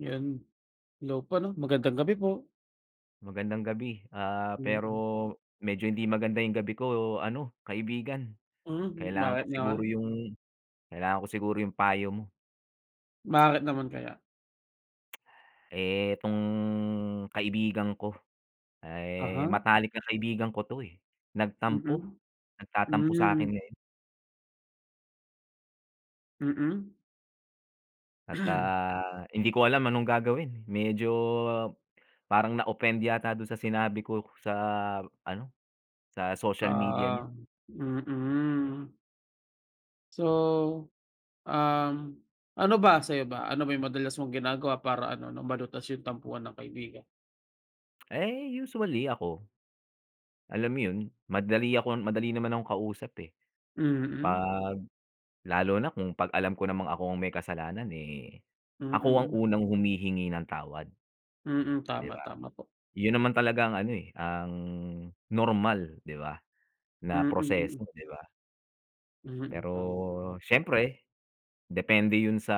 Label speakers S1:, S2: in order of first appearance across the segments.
S1: Yan. Hello po, ano. Magandang gabi po.
S2: Magandang gabi, ah, pero
S1: Mm.
S2: medyo hindi maganda yung gabi ko, ano kaibigan.
S1: Mhm,
S2: Kailangan ko
S1: bakit
S2: siguro
S1: naman?
S2: yung kailangan ko siguro yung payo mo.
S1: Bakit naman kaya?
S2: Eh, itong kaibigan ko, ah, eh,
S1: Aha.
S2: matalik na kaibigan ko, 'to, eh, nagtampo.
S1: Mm.
S2: Nagtatampo sa'kin
S1: Hmm.
S2: ngayon.
S1: Mm.
S2: At, ah, hindi ko alam anong gagawin. Medyo parang na-offend yata dun sa sinabi ko, sa ano, sa social media niya.
S1: Ah, mm. So, um, ano ba? Sa'yo ba? Ano ba yung madalas mong ginagawa, para ano, 'no, malutas yung tampuhan ng kaibigan?
S2: Eh, usually ako. Alam mo yun madali akon madali naman akong kausap, eh.
S1: Mm.
S2: 'Pag lalo na kung pag alam ko namang ako ang may kasalanan, eh, ako ang
S1: Mm.
S2: unang humihingi ng tawad,
S1: Mm
S2: 'di
S1: tama,
S2: ba?
S1: tama po.
S2: Yun naman talaga ang ano, eh, ang normal, di ba, na
S1: Mm, mm.
S2: proseso, 'di ba?
S1: Mm, tama, tama.
S2: Pero siyempre, depende yun sa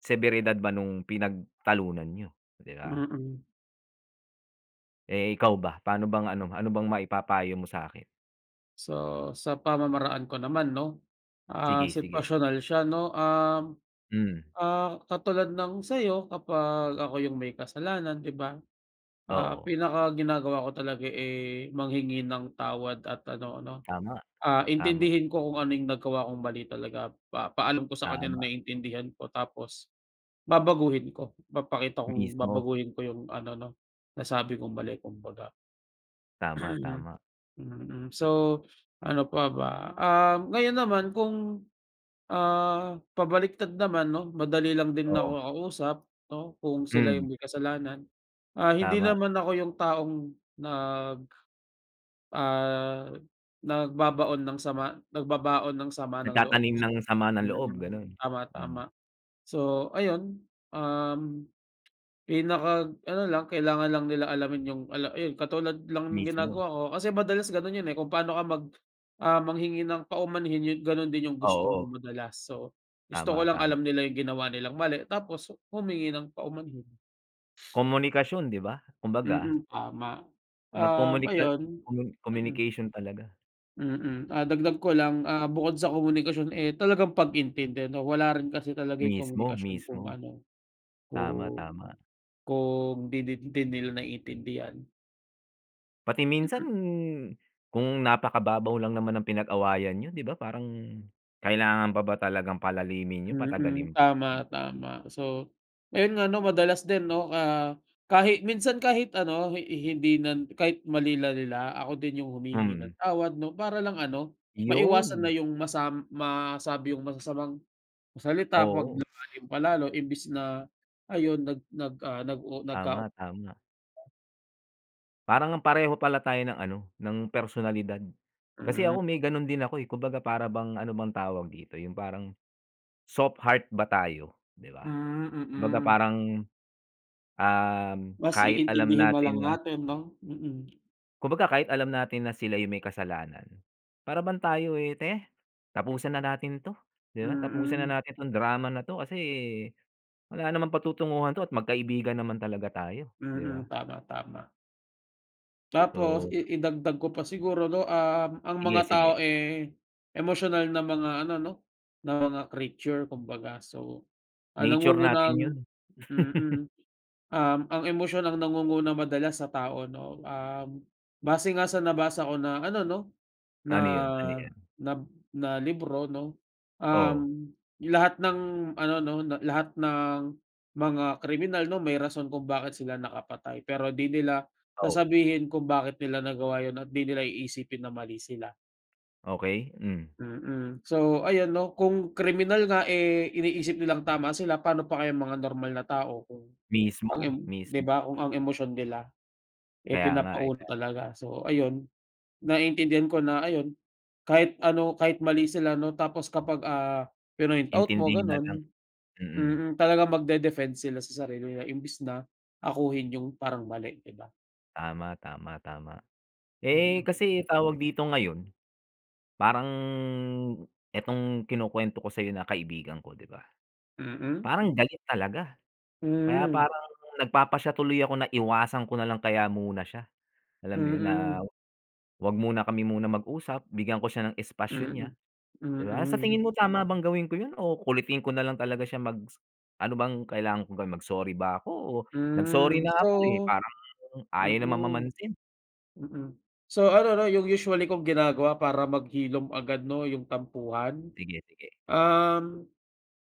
S2: seberidad ba nung pinagtalunan n'yo, 'di ba?
S1: Mm.
S2: Eh, ikaw ba, paano bang ano, ano bang maipapayo mo sa'kin?
S1: So, sa pamamaraan ko naman 'no, ah,
S2: Sige, sige.
S1: sitwasyonal siya 'no. Um,
S2: Mm.
S1: ah, katulad ng sa'yo kapag ako yung may kasalanan, 'di ba, ah,
S2: Oo.
S1: pinaka-ginagawa ko talaga, eh, manghingi ng tawad at ano 'no,
S2: Tama.
S1: ah,
S2: Tama.
S1: intindihin ko kung ano yung nagawa kong mali talaga. Papa-alam ko sa kanya
S2: Tama.
S1: na naintindihan ko, tapos babaguhin ko. Papakita kong
S2: Mismo.
S1: babaguhin ko yung ano 'no, nasabi kong mali kumbaga.
S2: Tama, tama.
S1: Mm. So, ano pa ba? Um, ngayon naman kung ah, pabaliktad naman 'no, madali lang din na ako
S2: Oo.
S1: kausap 'no, kung sila
S2: Hmm.
S1: yung may kasalanan. Ah, hindi
S2: Tama.
S1: naman ako yung taong nag ah, nagbabaon ng sama nagbabaon ng sama ng loob.
S2: Nagtatanim ng sama ng loob,
S1: Mm,
S2: gano'n.
S1: tama,
S2: Hmm.
S1: tama. So, ayun, um, pinaka-ano lang, kailangan lang nila alamin yung ala yun katulad lang ng
S2: Mismo.
S1: ginagawa ko. Kasi madalas gano'n yun, eh, kung paano ka mag ah, manghingi ng paumanhin, yun gano'n din yung gusto mo
S2: Oo.
S1: madalas. So, gusto ko
S2: Tama,
S1: lang
S2: tama.
S1: alam nila yung ginawa nilang mali, tapos humingi ng paumanhin.
S2: Komunikasyon 'di ba, kumbaga
S1: Mm, tama. Um,
S2: Mag-komunika,
S1: ayun
S2: comu
S1: mm.
S2: communication talaga.
S1: Mm. Ah, dagdag ko lang, ah, bukod sa komunikasyon, eh, talagang pag-intindi ‘no. Wala rin kasi talaga ‘yong
S2: Mismo,
S1: komunikasyon kung
S2: mismo.
S1: ano,
S2: Tama,
S1: kung
S2: tama.
S1: kung ‘di din hindi nila naiintindihan.
S2: Pati minsan,
S1: Mm.
S2: kung napakababaw lang naman ng pinag-awayan niyo ‘di ba, parang kailangan pa ba talagang palalimin 'yun,
S1: Mm.
S2: patagalim pa, 'di
S1: Tama,
S2: ba?
S1: tama. So, ayun nga, ‘no, madalas din ‘no, ah, kahit minsan kahit ano, hi hindi nan kahit mali na nila, ako din 'yung humihingi ng
S2: Mhm.
S1: tawad ‘no. Para lang ano, maiwasan na
S2: ‘Yon.
S1: 'yung masam masabi 'yung masasamang salita ‘pag
S2: Oo.
S1: lumalim pa lalo imbes na, ayun, nag nag ah, nag-u nagkau
S2: Tama, tama. Parang ngang pareho pala tayo ng ano, ng personalidad. Kasi
S1: Hmm.
S2: ako may ganun din ako eh, kumbaga para bang ano bang tawag dito, 'yung parang soft heart ba tayo, ‘di ba?
S1: Hmm,
S2: Kumbaga
S1: mm.
S2: parang, um,
S1: Mas
S2: kahit alam
S1: iintindihin nalang
S2: natin na
S1: natin, ‘no. Mm.
S2: Kumbaga kahit alam natin na sila 'yung may kasalanan, para bang tayo eh, “Teh, tapusan na natin ‘to.” ‘Di ba? “Tapusin na
S1: Mm.
S2: natin ‘tong drama na ‘to kasi wala namang patutunguhan ‘to, at magkaibigan naman talaga tayo,” ‘di
S1: Mm.
S2: ba?
S1: Tama, tama. Tapos
S2: So
S1: i idagdag ko pa siguro 'no, um, ang
S2: Sige,
S1: mga tao,
S2: sige.
S1: eh, emosyonal na mga ano 'no, na mga creature kumbaga. So, ang
S2: Nature natin yun.
S1: nangungunang mm. Um, ang emosyon ang nangunguna madalas sa tao 'no, um, base nga sa nabasa ko na ano 'no, na,
S2: Ano yun? Ano yun?
S1: nab na libro 'no,
S2: Oo.
S1: um, lahat ng ano 'no, na lahat ng mga kriminal 'no, may rason kung bakit sila nakapatay. Pero di nila
S2: Oo.
S1: sasabihin kung bakit nila nagawa yun at di nila iisipin na mali sila.
S2: Okey, mm.
S1: Mm. So, ayan 'no, kung kriminal nga, eh, iniisip nilang tama sila, pa'no pa kaya mga normal na tao kung ang em
S2: Mismo,
S1: 'di
S2: mismo.
S1: ba, kung ang emosyon nila, eh,
S2: Kaya nga, eh,
S1: pinapa-una
S2: kaya nga.
S1: talaga. So, ayun. Naiintindihan ko na ayun, kahit ano, kahit mali sila 'no, tapos kapag, ah, pinoint out mo,
S2: Intindihin na lang,
S1: gano'n
S2: mm.
S1: mm. Talagang magde-defend sila sa sarili nila imbes na akuin yung parang mali, 'di ba?
S2: Tama, tama, tama. Eh,
S1: Mm.
S2: kasi tawag dito ngayon, parang itong kinukwento ko sa'yo na kaibigan ko, 'di ba.
S1: Mm.
S2: Parang galit talaga kaya
S1: Mm.
S2: parang nagpapasya tuloy ako na iwasan ko nalang kaya muna siya. Alam mo yun, na
S1: Mm.
S2: 'wag muna kami muna mag-usap, bigyan ko siya ng espasyo niya,
S1: Mm,
S2: 'di ba? Sa tingin
S1: mm.
S2: mo, tama bang gawin ko yun o kulitin ko nalang talaga siya mag s ano bang kailangan ko gawin? Mag-sorry ba ako o nag-sorry
S1: Mm.
S2: na
S1: So
S2: ako, eh, parang ayaw naman
S1: mm,
S2: mamansin.
S1: mm. So, ano 'no, yung usually kong ginagawa para maghilom agad 'no, yung tampuhan,
S2: Sige, sige.
S1: um,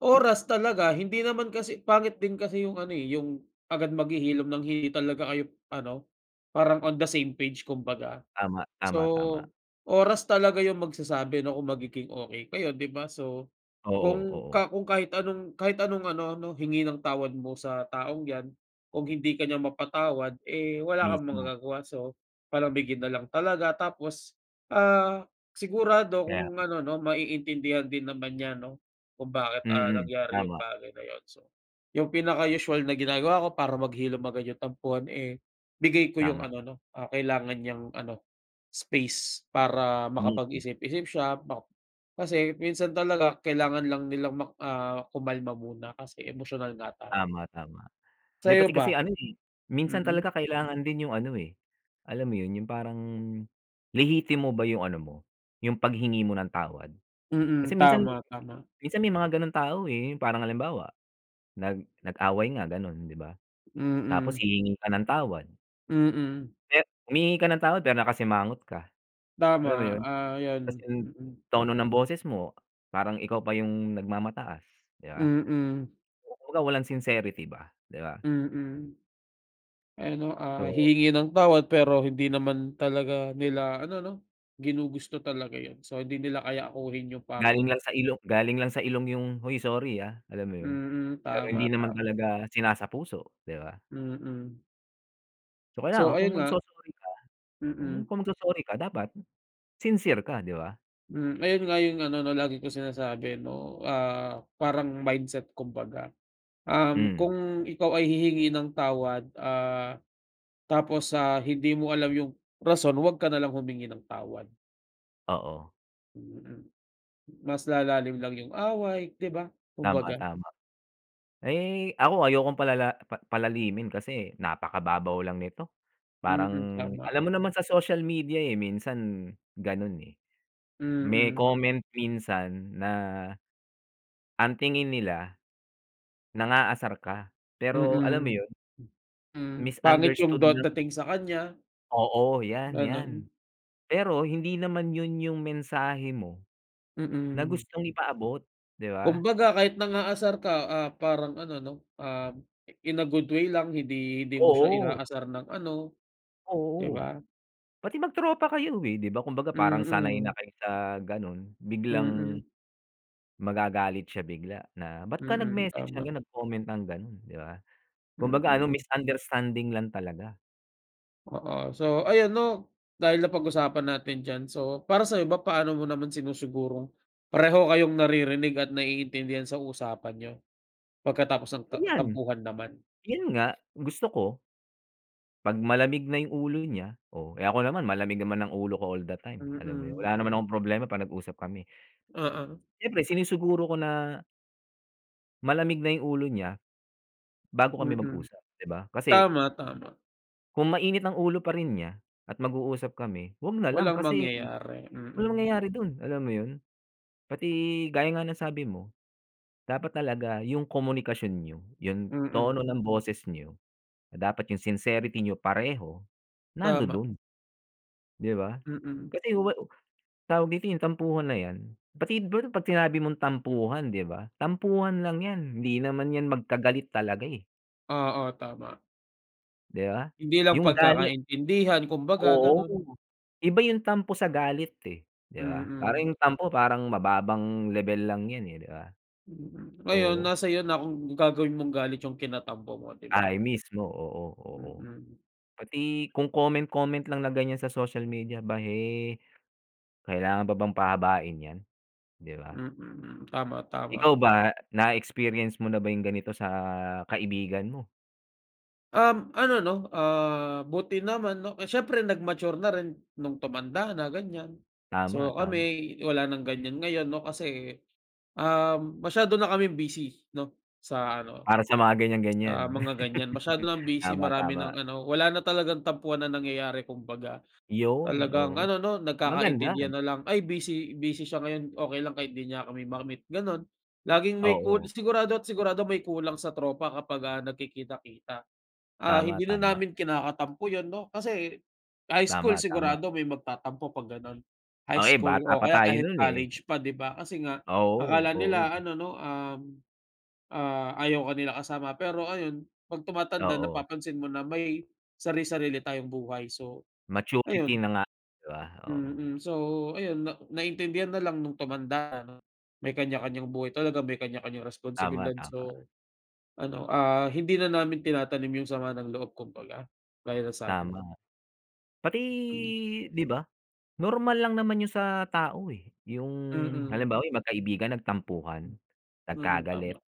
S1: oras talaga. Hindi naman kasi pangit din kasi yung ano, eh, yung agad maghihilom ng hindi talaga kayo ano, parang on the same page, kumbaga.
S2: Tama, tama, tama.
S1: So, oras talaga yung magsasabi 'no kung magiging okey kayo, 'di ba? So,
S2: Oo,
S1: kung
S2: oo.
S1: ka kung kahit anong kahit anong ano 'no, hingi ng tawad mo sa taong 'yan kung hindi ka niya mapatawad, eh, wala kang
S2: Mismo.
S1: magagawa. So, palamigin na lang talaga tapos, ah, sigurado
S2: Kaya
S1: kung
S2: nga.
S1: ano 'no, maiintindihan din naman niya 'no, kung bakit, ah,
S2: Mm,
S1: nangyari yung
S2: tama.
S1: bagay na yun. So, yung pinaka usual na ginagawa ko para maghilom agad yung tampuhan, eh, bigay ko yung
S2: Tama.
S1: ano 'no, ah, kailangan niyang ano, space para
S2: Mismo.
S1: makapag-isip-isip siya. Map kasi minsan talaga kailangan lang nilang mak ah, kumalma muna kasi emosyonal nga tayo.
S2: Tama, tama. May
S1: Sa'yo
S2: pati
S1: ba?
S2: kasi ano, eh, minsan
S1: Mm.
S2: talaga kailangan din yung ano, eh, alam mo yun, yung parang lihitimo ba yung ano mo, yung paghingi mo ng tawad.
S1: Mm.
S2: Kasi minsan
S1: Tama, tama.
S2: minsan may mga ganong tao, eh. Parang halimbawa, nag nag-away nga gano'n, 'di ba, tapos
S1: Mm.
S2: hihingi ka ng tawad
S1: Mm mm.
S2: Eh, humihingi ka ng tawad, pero nakasimangot ka, alam mo
S1: Tama,
S2: yun?
S1: ah,
S2: Ta's
S1: 'yan.
S2: yung
S1: Mm.
S2: tono ng boses mo, parang ikaw pa yung nagmamataas, 'di ba?
S1: Mm.
S2: Yung kumbaga, walang sincerity ba, 'di ba?
S1: Mm. Ano ah,
S2: So
S1: hihingi ng tawad pero hindi naman talaga nila ano no, ginugusto talaga yun. So, hindi nila kayang akuhin yung
S2: Galing
S1: parang
S2: lang sa ilong galing lang sa ilong yung, "Hoy, sorry ah." Alam mo yun?
S1: Mm,
S2: Pero hindi
S1: tama,
S2: naman
S1: tama.
S2: talaga sinasapuso, 'di ba?
S1: Mm.
S2: Kaya
S1: So
S2: nga
S1: ayun
S2: kung
S1: nga
S2: magso-sorry ka
S1: Mm.
S2: kung magso-sorry ka dapat sincere ka, di ba?
S1: Mm, ayun nga yung ano na lagi kong sinasabi no, ah parang mindset kung baga, um,
S2: Mm.
S1: kung ikaw ay hihingi ng tawad, ah, tapos ah, hindi mo alam yung rason 'wag ka na lang humingi ng tawad.
S2: Oo.
S1: Mm. Mas lalalim lang yung away, 'di ba
S2: Tama,
S1: kumbaga.
S2: tama. Ay, ako ayokong palala pa palalimin kasi napakababaw lang nito. Parang
S1: Mm, tama.
S2: alam mo naman sa social media, eh, minsan ganun, eh. May
S1: Mm.
S2: comment minsan na ang tingin nila, nang-aasar ka, pero alam mo
S1: Mm,
S2: yun
S1: mm. Pangit yung
S2: misunderstood
S1: dat
S2: lang.
S1: dating sa kanya.
S2: Oo, 'yan, 'yan.
S1: Ganun.
S2: Pero hindi naman yun yung mensahe mo na
S1: Mm.
S2: gustong ipaabot, 'di ba?
S1: Kumbaga, kahit nang-aasar ka, ah, parang ano 'no, ah, in a good way lang. Hindi hindi mo siya
S2: Oo.
S1: inaasar ng ano, 'di ba?
S2: Oo. Pati mag-tropa kayo, eh. Di ba kumbaga, parang sanay
S1: Mm.
S2: na kayo sa gano'n biglang
S1: Mm.
S2: magagalit siya bigla na, "Ba't ka
S1: Mm,
S2: nag-message ng ganun,
S1: tama.
S2: nag-comment ng ganun?" 'Di ba? Kumbaga ano,
S1: Mm.
S2: misunderstanding lang talaga.
S1: Oo. So, ayun 'no, dahil napag-usapan natin diyan. So, para sa'yo ba, paano mo naman sinusigurong pareho kayong naririnig at naiintindihan sa usapan niyo pagkatapos ng ta
S2: Iyan.
S1: tampuhan naman?
S2: Yun nga, gusto ko 'pag malamig na yung ulo niya, oh. Eh, ako naman, malamig naman ang ulo ko all the time, alam mo yun.
S1: Mm.
S2: Wala naman akong problema 'pag nag-usap kami.
S1: Oo.
S2: Siyempre, sinisiguro ko na malamig na yung ulo niya bago kami
S1: Mm.
S2: mag-usap, di ba? Kasi
S1: Tama, tama.
S2: ku kung mainit ang ulo pa rin niya at mag-uusap kami, 'wag na lang
S1: Walang
S2: kasi
S1: mangyayari,
S2: walang
S1: mm.
S2: mangyayari dun, alam mo yun? Pati gaya nga ng sabi mo, dapat talaga yung komunikasyon niyo, yung
S1: Mm.
S2: tono ng boses niyo, na dapat yung sincerity niyo pareho,
S1: Tama.
S2: nandodo'n. Di ba?
S1: Mm.
S2: Kasi wa tawag dito, yung tampuhan na yan, pati bro 'pag sinabi mong tampuhan, di ba, tampuhan lang 'yan. Hindi naman 'yan magkagalit talaga, eh.
S1: Oo, tama.
S2: Di ba?
S1: Hindi lang
S2: Yung galit
S1: pagkakaintindihan kumbaga,
S2: Oo.
S1: ganun.
S2: Iba yung tampo sa galit eh, di ba? Parang
S1: Mm.
S2: yung tampo parang mababang lebel lang yan, eh, di ba?
S1: Mm. Ngayon
S2: Oo.
S1: nasa iyo na kung gagawin mong galit yung kinatampo mo, di ba?
S2: Ay mismo, oo, oo.
S1: Mm.
S2: Pati kung comment, comment lang na ganyan sa social media ba, eh, kailangan pa bang pahabain 'yan, di ba?
S1: Mm, mm. Tama,
S2: Ikaw
S1: tama.
S2: ba, na-experience mo na ba yung ganito sa kaibigan mo?
S1: Um, ano, 'no, ah buti naman, 'no, eh, siyempre nag-mature na rin nung tumanda na, ganyan. So,
S2: Tama, tama.
S1: kami wala ng ganyan ngayon, 'no, kasi, um, masyado na kaming busy, 'no, sa ano,
S2: Para sa mga
S1: ah,
S2: ganyan-ganyan.
S1: mga ganyan masyado nang busy
S2: Tama,
S1: marami
S2: tama.
S1: ng ano, wala na talagang tampuhan ang nangyayari kumbaga.
S2: Yun,
S1: Talagang
S2: oo,
S1: ano, 'no,
S2: maganda.
S1: nagkakaintindihan na lang, "Ay, busy busy siya ngayon. Okey lang kahit hindi niya kami ma-meet." Ganon. Laging may kul
S2: Oo.
S1: sigurado't sigurado may kulang sa tropa kapag, ah, nagkikita-kita. Ah,
S2: Tama,
S1: hindi na
S2: tama.
S1: namin kinakatampo yun, 'no? Kasi high school
S2: Tama, tama.
S1: sigurado may magtatampo 'pag ganon, high
S2: Ay
S1: school
S2: bata
S1: o
S2: pa
S1: kaya
S2: tayo
S1: kahit
S2: nun, eh.
S1: college pa, 'di ba, kasi nga
S2: Oo,
S1: akala nila
S2: oo.
S1: ano, 'no, um, ah, ayaw ka nila kasama pero ayun 'pag tumatanda
S2: Oo.
S1: napapansin mo na may sari-sarili tayong buhay. So,
S2: Maturity
S1: ayun.
S2: na nga, 'di ba, oo.
S1: Mm, so, ayun na naintindihan na lang nung tumanda ano, may kanya-kanyang buhay talaga, may kanya-kanyang
S2: Tama,
S1: responsibilidad.
S2: tama.
S1: So, ano, ah, hindi na namin tinatanim yung sama ng loob kumbaga. Gaya ng sabi mo.
S2: Tama. Pati
S1: Hmm.
S2: 'di ba, normal lang naman yun sa tao, eh, yung
S1: Mm.
S2: halimbawa yung magkaibigan nagtampuhan,
S1: Hmm, mm,
S2: nagkagalit,
S1: tama.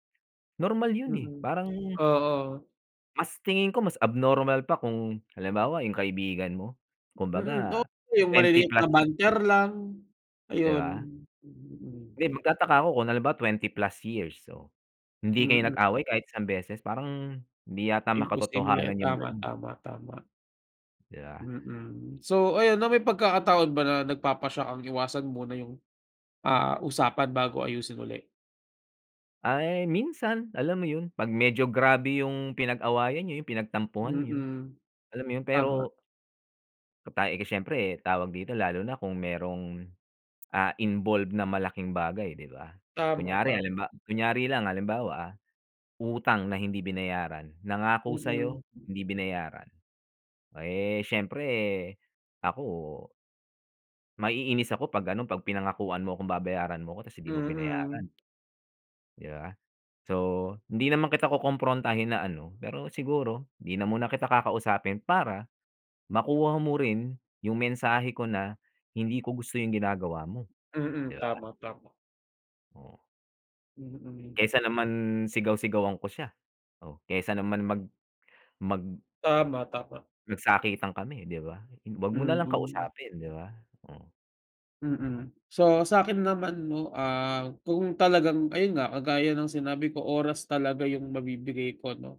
S2: normal yun, eh,
S1: Mm,
S2: parang
S1: oo.
S2: Mas tingin ko mas abnormal pa kung halimbawa yung kaibigan mo,
S1: Mhm, oo
S2: kumbaga
S1: yung
S2: 20
S1: maliliit na
S2: plus, hmm.
S1: banter lang,
S2: 'Di
S1: ayun.
S2: ba?
S1: Mm.
S2: Hindi, magtataka ako kung halimbawa 20 plus years so, hindi kayo
S1: Mm.
S2: nag-away kahit isang beses. Parang, hindi yata
S1: Imposible,
S2: makatotohanan yung
S1: tama,
S2: gano'n.
S1: tama, tama.
S2: 'Di ba.
S1: Mm, so ayon 'no, may pagkakataon ba na nagpapasiya kang iwasan muna yung, ah, usapan bago ayusin ulit?
S2: Ay, minsan alam mo 'yon pag medyo grabe yung pinag-awayan nyo, yung pinag-tampuhan nyo,
S1: Mm,
S2: alam mo 'yon
S1: tama.
S2: pero [unintelligible] Eh, kasi siyempre tawag dito lalo na kung mayrong, ah, involved na malaking bagay 'di ba.
S1: Tama,
S2: Kunyari
S1: tama.
S2: halimba kunyari lang halimbawa, ah. Utang na hindi binayaran nangako
S1: Mm.
S2: sa'yo hindi binayaran. Eh, siyempre ako maiinis ako 'pag ano 'pag pinangakuan mo akong babayaran mo 'ko tapos hindi mo binayaran.
S1: Mm.
S2: 'Di ba. So, hindi naman kita kukumprontahin na ano. Pero siguro 'di na muna kita kakausapin para makuha mo rin yung mensahe ko na hindi ko gusto yung ginagawa mo,
S1: Mm,
S2: 'di ba?
S1: tama, tama.
S2: Oh.
S1: Mm.
S2: Kaysa naman sigaw-sigawan ko siya, oh. Kaysa naman mag mag
S1: Tama, tama.
S2: magsakitan kami 'di ba? 'Wag mo nalang
S1: Mm.
S2: kausapin, 'di ba. Oh.
S1: Mm. So, sa'kin naman 'no, ah, kung talagang ayun nga, kagaya ng sinabi ko, oras talaga yung mabibigay ko 'no.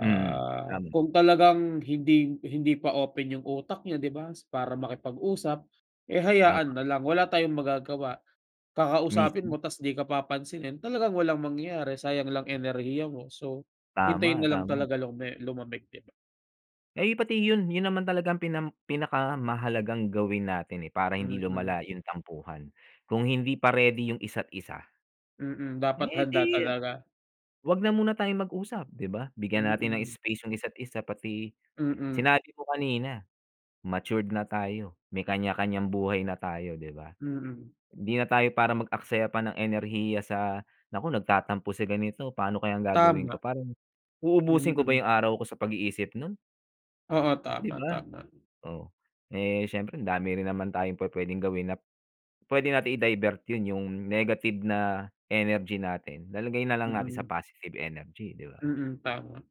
S2: Mm, tama.
S1: kung talagang hindi hindi pa open yung utak niya, 'di ba, para makipag-usap, eh
S2: Tama.
S1: hayaan na lang, wala tayong magagawa. Kakausapin
S2: Mismo.
S1: mo ta's 'di ka papansinin, talagang walang mangyayari sayang lang enerhiya mo. So, hintayin
S2: Tama,
S1: na lang
S2: tama.
S1: talaga lume lumamig, 'di ba?
S2: Eh, pati yun, yun naman talaga ang pinam pinakamahalagang gawin natin eh, para hindi
S1: Mm.
S2: lumala yung tampuhan. Kung hindi pa ready yung isa't isa
S1: Mm, dapat
S2: eh
S1: handa
S2: di,
S1: talaga.
S2: huwag na muna tayong mag-usap, 'di ba? Bigyan natin ng
S1: Mm.
S2: space yung isa't isa. Pati
S1: Mm.
S2: sinabi ko kanina, matured na tayo, may kanya-kanyang buhay na tayo, 'di ba.
S1: Mm.
S2: Hindi na tayo para mag-aksaya pa ng enerhiya sa naku nagtatampo si ganito, pa'no kayang gagawin ko?
S1: Tama.
S2: Parang, uubusin ko ba
S1: Mm.
S2: yung araw ko sa pag-iisip nun?
S1: Oo.
S2: 'Di
S1: Tama,
S2: ba?
S1: tama.
S2: Oh, eh, siyempre andami rin naman tayong pu-puwedeng gawin nap pwede nating i-divert yun, yung negative na energy natin, lalagay na lang natin sa
S1: Mm.
S2: positive energy, 'di ba?
S1: Mm, tama.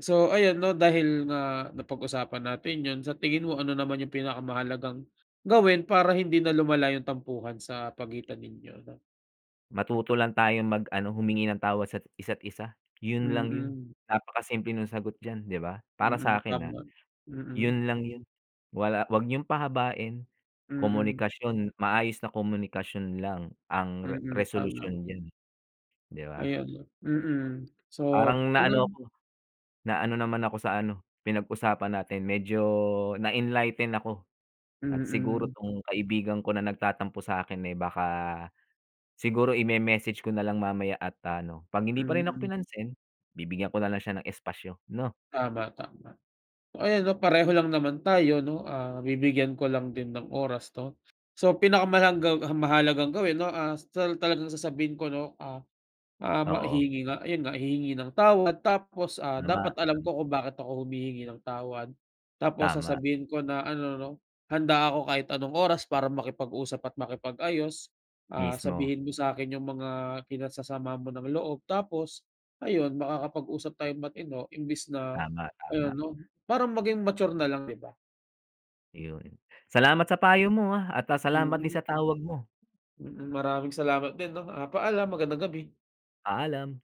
S1: So, ayan 'no, dahil nga napag-usapan natin yun, sa tingin mo, ano naman yung pinakamahalagang gawin para hindi na lumala yung tampuhan sa pagitan ninyo, 'no?
S2: Matuto lang tayong mag ano, humingi ng tawad sat isa't isa, yun lang yun.
S1: Mm.
S2: Napakasimple nung sagot diyan, 'di ba? Para
S1: Mm,
S2: sa'kin, ah,
S1: tama, mm.
S2: yun lang yung wala 'wag niyong pahabain.
S1: Mm.
S2: Komunikasyon, maayos na komunikasyon lang ang re
S1: Mm, tama.
S2: resolusyon diyan, eh, 'di ba?
S1: Ayun 'no, mm. So,
S2: Parang naano
S1: ano
S2: ako, naano naman ako sa ano, pinag-usapan natin. Medyo na-enlighten ako at siguro
S1: Mm.
S2: 'tong kaibigan ko na nagtatampo sa akin, eh, baka siguro ime-message ko na lang mamaya at ano, 'pag hindi pa rin ako
S1: Mm.
S2: pinansin, bibigyan ko na lang siya ng espasyo, 'no?
S1: Tama, tama. So, ayan 'no, pareho lang naman tayo 'no, ah, bibigyan ko lang din ng oras 'to. So, pinakamalanggang ang mahalagang gawin 'no, ah, sa ta talagang sasabihin ko 'no, ah, ah, ma
S2: Oo.
S1: hihingi nga yun nga, hihingi ng tawad tapos, ah,
S2: Tama,
S1: dapat alam
S2: mm.
S1: ko kung bakit ako humihingi ng tawad. Tapos
S2: Tama.
S1: sasabihin ko na ano 'no, "Handa ako kahit anong oras para makipag-usap at makipag-ayos, ah,
S2: Mismo.
S1: sabihin mo sa'kin yung mga kinasasama mo ng loob." Tapos ayun, makakapag-usap tayong matino imbes na
S2: Tama,
S1: ano
S2: tama.
S1: 'no, parang maging mature na lang, 'di ba?
S2: Yun. Salamat sa payo mo, ah, at ah, salamat din
S1: Mm.
S2: sa tawag mo.
S1: Mm, maraming salamat din 'no, ah, paalam. Magandang gabi.
S2: Paalam.